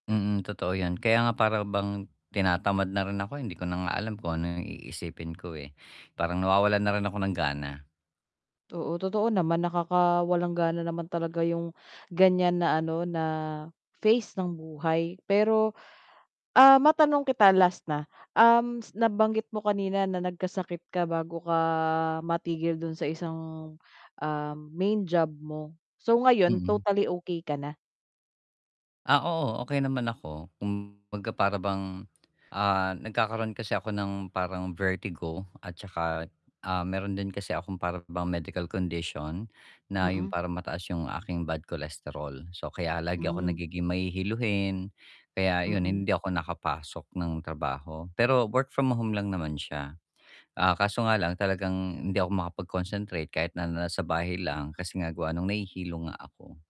Mm, totoo 'yon, kaya nga para bang tinatamad na rin ako, eh, hindi ko na nga alam kung ano 'yong iisipin ko, eh, parang nawawalan na rin ako ng gana. Oo, totoo naman nakakawalang gana naman talaga 'yong ganiyan na, ano na phase ng buhay, pero, ah, matanong kita last na. Um, s nabanggit mo kanina na nagkasakit ka bago ka matigil do'n sa isang, ah, main job mo, so ngayon Mm. totally okey ka na? Ah, oo, okey naman ako, kumbaga para bang ah, nagkakaroon kasi ako ng parang vertigo. At tsaka, ah, mayro'n din kasi akong para bang medical condition, na 'yong Mm. parang mataas 'yong aking bad cholesterol. So kaya lagi akong Hmm. nagiging mahihiluhin, kaya 'yon Mm. hindi ako nakapasok ng trabaho. Pero work-from-home lang naman siya. Ah, kaso nga lang talagang hindi ako makapag-concentrate kahit na nasa bahay lang kasi nga gawa no'ng nahihilo nga ako.